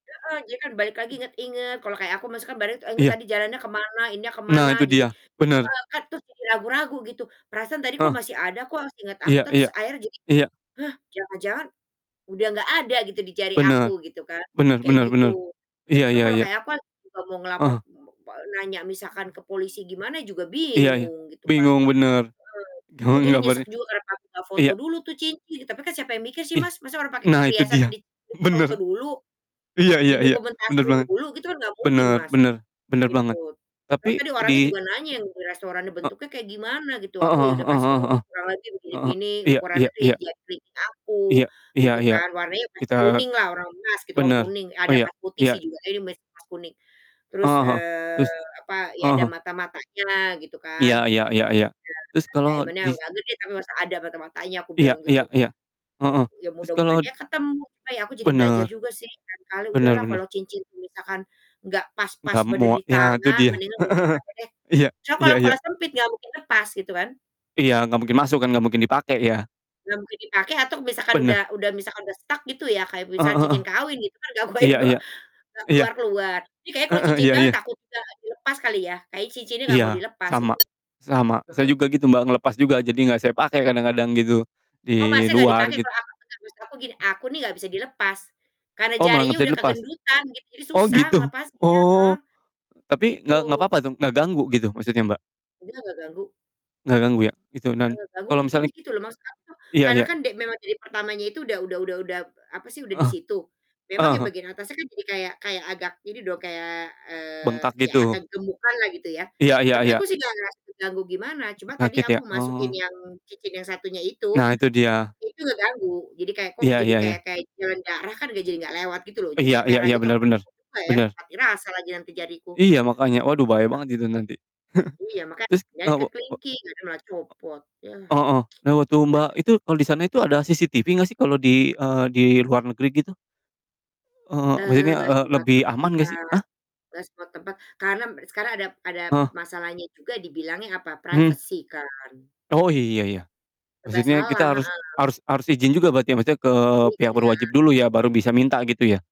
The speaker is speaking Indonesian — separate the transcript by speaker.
Speaker 1: Heeh, jadi kan balik
Speaker 2: Mmm.
Speaker 1: lagi,
Speaker 2: Mhm
Speaker 1: inget-inget kalo kayak aku masuknya bare inget
Speaker 2: Iya.
Speaker 1: tadi jalannya ke mana, ininya ke
Speaker 2: Nah,
Speaker 1: mana,
Speaker 2: itu
Speaker 1: jadi
Speaker 2: dia, bener.
Speaker 1: eee kan terus jadi ragu-ragu, gitu. Perasaan tadi kok
Speaker 2: Heeh.
Speaker 1: masih ada kok seinget aku,
Speaker 2: Iya
Speaker 1: terus
Speaker 2: iya.
Speaker 1: akhirnya jadi,
Speaker 2: Iya.
Speaker 1: "Hah, jangan-jangan, udah gak ada gitu di jari aku,"
Speaker 2: Benar,
Speaker 1: gitu kan,
Speaker 2: benar
Speaker 1: kayak
Speaker 2: benar
Speaker 1: gitu.
Speaker 2: benar,
Speaker 1: Jadi
Speaker 2: iya iya
Speaker 1: kalau
Speaker 2: iya.
Speaker 1: kayak apa, kalau mau
Speaker 2: Ah
Speaker 1: ngelapor
Speaker 2: hah.
Speaker 1: pol nanya misalkan ke polisi gimana juga
Speaker 2: Iya iya,
Speaker 1: bingung gitu kan.
Speaker 2: bingung, bener.
Speaker 1: Mhm, aku
Speaker 2: bingung
Speaker 1: jadi nyesek
Speaker 2: gambarnya
Speaker 1: juga karena kami gak foto
Speaker 2: iya.
Speaker 1: dulu tuh cincin. Tapi kan siapa yang mikir sih
Speaker 2: Iya.
Speaker 1: Mas, masa orang pake
Speaker 2: Nah, itu
Speaker 1: perhiasan
Speaker 2: dia,
Speaker 1: di
Speaker 2: bener.
Speaker 1: difoto-foto dulu,
Speaker 2: Iya iya iya, bener
Speaker 1: didokumentasiin
Speaker 2: banget.
Speaker 1: dulu, gitu kan gak mungkin,
Speaker 2: Bener
Speaker 1: Mas.
Speaker 2: bener bener banget.
Speaker 1: Ikut, soalnya
Speaker 2: Tapi
Speaker 1: tadi orangnya
Speaker 2: di
Speaker 1: juga nanya yang di restoran nih,
Speaker 2: ininya E
Speaker 1: "Bentuknya kayak gimana?" Gitu.
Speaker 2: Heeh
Speaker 1: Aku ya udah
Speaker 2: heeh
Speaker 1: kasih tahu,
Speaker 2: heeh.
Speaker 1: "Kurang lebih begini
Speaker 2: Heeh,
Speaker 1: begini,
Speaker 2: iya iya
Speaker 1: ukurannya di
Speaker 2: iya.
Speaker 1: jari aku"
Speaker 2: Iya iya
Speaker 1: gitu
Speaker 2: iya.
Speaker 1: kan, "warnanya pasti
Speaker 2: Kita
Speaker 1: kuning lah orang emas." Gitu kan,
Speaker 2: bener,
Speaker 1: kuning, ada
Speaker 2: iya
Speaker 1: emas putih sih
Speaker 2: iya.
Speaker 1: juga, "ini mas emas kuning." Terus,
Speaker 2: Heeh heeh,
Speaker 1: eee,
Speaker 2: terus,
Speaker 1: apa, "ya
Speaker 2: ah
Speaker 1: ada
Speaker 2: hah.
Speaker 1: mata-matanya lah," gitu kan.
Speaker 2: Iya iya iya iya. Terus
Speaker 1: Bener
Speaker 2: kalau
Speaker 1: bener, "diamond-nya
Speaker 2: dis
Speaker 1: gak gede tapi masih ada mata-matanya," aku
Speaker 2: Iya
Speaker 1: bilang
Speaker 2: iya
Speaker 1: gitu.
Speaker 2: iya. Heeh,
Speaker 1: Ya
Speaker 2: terus kalau
Speaker 1: mudah-mudahan
Speaker 2: d
Speaker 1: ya ketemu, ya aku jadi belajar
Speaker 2: Bener.
Speaker 1: juga sih, lain kali
Speaker 2: Bener
Speaker 1: udahlah
Speaker 2: bener.
Speaker 1: kalau cincin itu misalkan gak pas-pas
Speaker 2: Gak
Speaker 1: bener
Speaker 2: mua nah, itu
Speaker 1: ditangan
Speaker 2: dia.
Speaker 1: mendingan gak
Speaker 2: Heeh
Speaker 1: usah
Speaker 2: heeh.
Speaker 1: dipake deh.
Speaker 2: Iya
Speaker 1: Cuma
Speaker 2: iya
Speaker 1: kalau
Speaker 2: iya.
Speaker 1: kalau sempit gak mungkin lepas, gitu kan.
Speaker 2: Iya, gak mungkin masuk kan, gak mungkin dipake ya?
Speaker 1: Nah, mungkin dipake atau misalkan udah
Speaker 2: Bener.
Speaker 1: udah misalkan udah stuck gitu ya, kayak
Speaker 2: Heeh
Speaker 1: misal
Speaker 2: heeh heeh,
Speaker 1: cincin kawin gitu kan,
Speaker 2: iya
Speaker 1: [unintelligible]
Speaker 2: iya,
Speaker 1: gak
Speaker 2: iya.
Speaker 1: keluar-keluar. Iya, kayaknya kalau
Speaker 2: Heeh,
Speaker 1: cincin
Speaker 2: iya
Speaker 1: kawin
Speaker 2: iya.
Speaker 1: takut gak dilepas kali ya, kayaknya cincin ini gak mau
Speaker 2: Iya,
Speaker 1: dilepas, gitu.
Speaker 2: sama, selama saya
Speaker 1: Heeh.
Speaker 2: juga gitu Mbak, ngelepas juga, jadi gak saya pakai kadang-kadang gitu,
Speaker 1: Oh,
Speaker 2: di
Speaker 1: Masnya gak
Speaker 2: luar
Speaker 1: dipake,
Speaker 2: git
Speaker 1: kalau aku dengan prinsip aku gini, aku nih gak bisa dilepas. Karena
Speaker 2: Oh, malah gak
Speaker 1: jarinya
Speaker 2: bisa
Speaker 1: udah
Speaker 2: dilepas?
Speaker 1: kegendutan gitu, jadi
Speaker 2: Oh,
Speaker 1: susah
Speaker 2: gitu?
Speaker 1: ngelepasnya heeh.
Speaker 2: Oh, e tapi,
Speaker 1: Gitu.
Speaker 2: gak gak papa tuh? Gak ganggu gitu maksudnya, Mbak?
Speaker 1: Mungkin agak ganggu.
Speaker 2: Gak ganggu, ya? Gitu, dan
Speaker 1: Eee, ganggu
Speaker 2: kalo
Speaker 1: lucunya
Speaker 2: misalnya
Speaker 1: gitu loh, maksud aku
Speaker 2: iya
Speaker 1: karena
Speaker 2: iya.
Speaker 1: kan de memang dari pertamanya itu udah udah udah udah, p apa sih, udah
Speaker 2: Heeh.
Speaker 1: disitu, memang
Speaker 2: Ah
Speaker 1: yang
Speaker 2: hah.
Speaker 1: bagian atasnya kan jadi kayak kayak agak ini dong, kayak, eee,
Speaker 2: Bengkak
Speaker 1: ya agak
Speaker 2: gitu.
Speaker 1: gemukan lah gitu ya.
Speaker 2: Iya iya
Speaker 1: Tapi
Speaker 2: iya.
Speaker 1: aku sih gak ngerasa terganggu gimana, cuma tadi
Speaker 2: Sakit, ya?
Speaker 1: aku masukin
Speaker 2: Oh.
Speaker 1: yang cincin yang satunya itu.
Speaker 2: Nah, itu dia.
Speaker 1: Itu ngeganggu, jadi kayak kok
Speaker 2: Iya
Speaker 1: jadi
Speaker 2: iya
Speaker 1: kayak
Speaker 2: iya.
Speaker 1: kayak jalan darah kan jadi gak lewat gitu loh, jadi
Speaker 2: Iya
Speaker 1: kayak
Speaker 2: iya
Speaker 1: merah
Speaker 2: iya,
Speaker 1: gitu aku
Speaker 2: bener bener.
Speaker 1: aku juga ya,
Speaker 2: Bener.
Speaker 1: mati rasa lagi nanti jariku.
Speaker 2: Iya makanya, waduh bahaya
Speaker 1: [unintelligible]
Speaker 2: banget itu nanti.
Speaker 1: Iya, makanya
Speaker 2: Terus
Speaker 1: akhirnya ke
Speaker 2: [unintelligible] o
Speaker 1: kelingking, ternyata malah copot, yah.
Speaker 2: ah hah. Nah, waktu Mbak
Speaker 1: [unintelligible]
Speaker 2: itu, kalau disana itu ada CCTV gak sih kalau di, eee, di luar negeri gitu? Eee,
Speaker 1: Eee,
Speaker 2: maksudnya,
Speaker 1: gak
Speaker 2: e
Speaker 1: semua
Speaker 2: lebih
Speaker 1: tempat
Speaker 2: aman gak sih? Ah?
Speaker 1: gak semua tempat, karena mb sekarang ada ada,
Speaker 2: Heeh.
Speaker 1: masalahnya juga dibilangnya apa,
Speaker 2: Mhm.
Speaker 1: privacy kan.
Speaker 2: Oh, iya iya.
Speaker 1: Serba
Speaker 2: Maksudnya
Speaker 1: salah,
Speaker 2: kita harus
Speaker 1: heeh.
Speaker 2: harus harus izin juga berarti maksudnya, ke
Speaker 1: Iya,
Speaker 2: pihak
Speaker 1: gila.
Speaker 2: berwajib dulu ya, baru bisa minta gitu ya?